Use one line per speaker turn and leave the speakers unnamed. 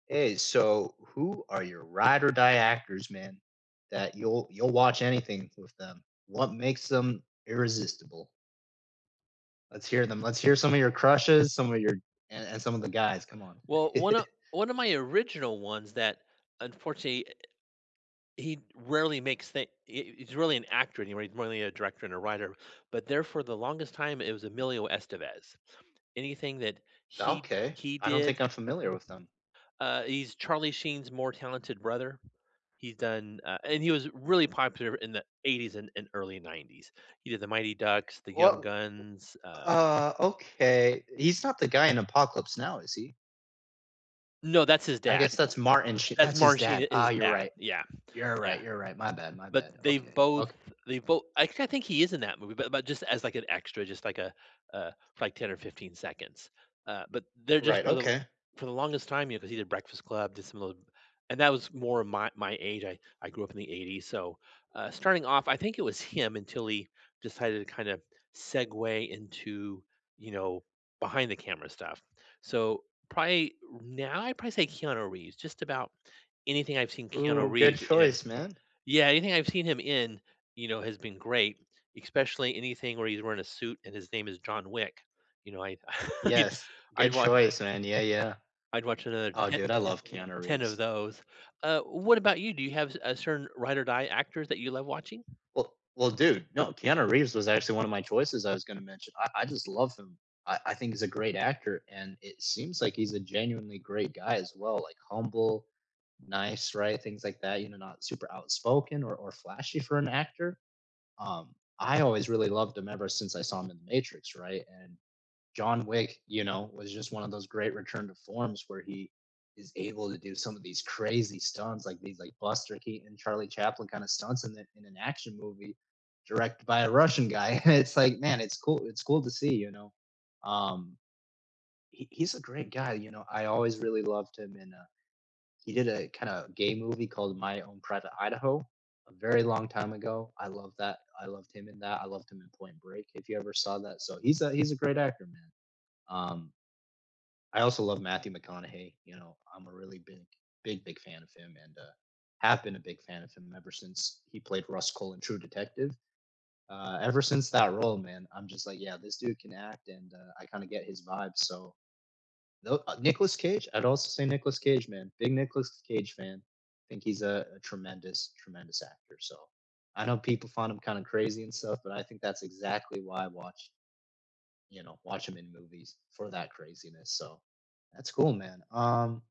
Hey, so who are your ride or die actors, man, that you'll you'll watch anything with them? What makes them irresistible? Let's hear them. Let's hear some of your crushes, some of your and and some of the guys. Come on.
Well, one of one of my original ones that, unfortunately, he rarely makes the he he's really an actor anyway. He's more than a director and a writer, but there for the longest time, it was Emilio Estevez. Anything that he
Okay.
he
I don't
did,
think I'm familiar with them.
uh, he's Charlie Sheen's more talented brother. He's done, uh, and he was really popular in the '80s and and early '90s. He did The Mighty Ducks, the Young
Well
Guns, uh
uh, okay. He's not the guy in Apocalypse now, is he?
No, that's his
I
dad.
guess that's Martin Sh
That's
that's his
Martin
dad.
Sheen,
Ah,
his
you're
dad.
right.
Yeah.
You're
Yeah,
right, you're right. My bad, my bad,
but they
okay,
both
okay.
they both I I think he is in that movie, but but just as, like, an extra, just like a a, like, 10 or 15 seconds, uh, but they're just
Right,
for the
okay.
for the longest time, you because he did Breakfast Club, did some of and that was more my my age. I I grew up in the '80s, so, uh, starting off, I think it was him until he decided to kind of segue into, you know, behind the camera stuff, so probably now, I'd probably say Keanu Reeves. Just about anything I've seen Keanu
Ooh, good
Reeves in
choice, man.
yeah. Anything I've seen him in, you know, has been great, especially anything where he's wearing a suit and his name is John Wick. You know, I I
Yes.
I'd
Good
watch
choice, man. Yeah, yeah.
I'd watch another
Oh,
10
dude, I love Keanu
10 of
Reeves.
those, uh, what about you? Do you have a certain ride or die actors that you love watching?
Well well, dude, no, Keanu Reeves was actually one of my choices I was gonna mention. I I just love him. I I think he's a great actor, and it seems like he's a genuinely great guy as well, like, humble, nice, right? Things like that, not super outspoken or or flashy for an actor, um, I always really loved him ever since I saw him in The Matrix, right? And John Wick, you know, was just one of those great return to forms where he is able to do some of these crazy stunts, like, these, like, Buster Keaton and Charlie Chaplin kinda stunts in an action movie directed by a Russian guy. It's like, man, it's cool It's cool to see, you know, um, he he's a great guy, you know, I always really loved him in, uh, he did a kinda gay movie called My Own Private Idaho a very long time ago. I love that. I loved him in that. I loved him in Point Break, if you ever saw that, so he's a he's a great actor, man, um I also love Matthew McConaughey, you know, I'm a really big big big fan of him and, uh, have been a big fan of him ever since he played Rust Cohle in True Detective, uh, ever since that role, man, I'm just like, yeah, this dude can act and, uh, I kinda get his vibe, so No, uh, Nicholas Cage, I'd also say Nicholas Cage, man, big Nicholas Cage fan. I think he's a a tremendous tremendous actor, so I know people find him kinda crazy and stuff, but I think that's exactly why I watch you know, watch him in movies for that craziness, so that's cool, man. Um